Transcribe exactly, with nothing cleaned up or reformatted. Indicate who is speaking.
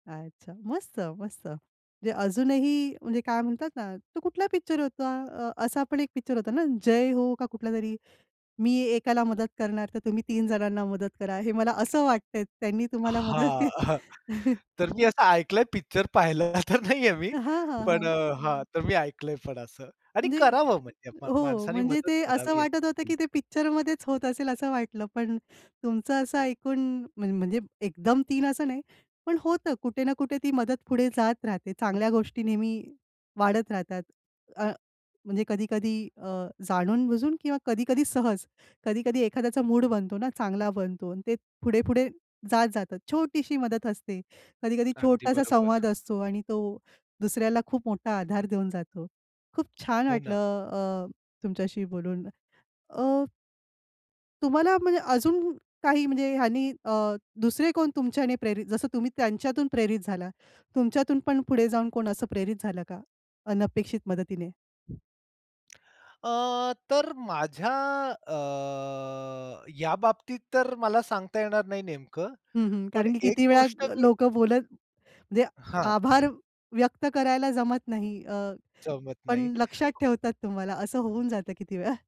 Speaker 1: अच्छा! मस्त, मस्त. म्हणजे अजूनही म्हणजे काय म्हणतात ना तो कुठला पिक्चर होता? अ, असा पण एक पिक्चर होता ना, जय हो का कुठलातरी. मी एकाला मदत करणार, तर तुम्ही तीन जणांना मदत करा. हे मला असं वाटतं आहे, त्यांनी तुम्हाला मदत
Speaker 2: हां.
Speaker 1: के
Speaker 2: तर मी असं ऐकलंय, पिक्चर पाहिलेला तर नाही आहे मी.
Speaker 1: हां, हां,
Speaker 2: पण
Speaker 1: हां.
Speaker 2: अ, हां तर मी ऐकलंय पण असं आणि
Speaker 1: म्हणजे
Speaker 2: करावं म्हणजे म
Speaker 1: हो,
Speaker 2: माणसाने
Speaker 1: म्हणजे
Speaker 2: मदत
Speaker 1: ते असं
Speaker 2: करावी.
Speaker 1: वाटत होतं, की
Speaker 2: [unintelligible]
Speaker 1: ते पिक्चरमध्येच होत असेल असं वाटलं. पण तुमचं असं ऐकून म म्हणजे एकदम तीन असं नाही, पण होतं कुठे ना कुठे ती मदत पुढे जात राहते. चांगल्या गोष्टी नेहमी वाढत राहतात. अ, म्हणजे कधी-कधी अ, जाणून-बुजून किंवा कधी-कधी सहज, कधी-कधी एखाद्याचा मूड बनतो ना, चांगला बनतो अन् ते पुढे-पुढे जात जातं. छोटीशी मदत असते, कधी-कधी
Speaker 2: अगदी
Speaker 1: छोटासा
Speaker 2: बरोबर.
Speaker 1: संवाद असतो आणि तो दुसऱ्याला खूप मोठा आधार देऊन जातो. खूप छान
Speaker 2: हो
Speaker 1: वाटलं
Speaker 2: ना.
Speaker 1: अ, तुमच्याशी बोलून. अ तुम्हाला म्हणजे अजून काही म्हणजे ह्यांनी अ, दुसरे कोण तुमच्याने प्रेरित जसं तुम्ही त्यांच्यातून प्रेरित झाला, तुमच्यातून पण पुढे जाऊन कोण असं प्रेरित झालं का? अनपेक्षित मदतीने?
Speaker 2: अ, तर माझ्या अ, या बाबतीत तर मला सांगता येणार नाही नेमकं,
Speaker 1: हं, हं.
Speaker 2: पण
Speaker 1: कारण की
Speaker 2: एक
Speaker 1: किती वेळा
Speaker 2: गोष्ट
Speaker 1: अ,
Speaker 2: मी
Speaker 1: लोकं बोलत म्हणजे
Speaker 2: हां.
Speaker 1: आभार व्यक्त करायला जमत नाही अ,
Speaker 2: जमत
Speaker 1: पण
Speaker 2: नाही.
Speaker 1: लक्षात ठेवतात तुम्हाला. असं होऊन जातं किती वेळा.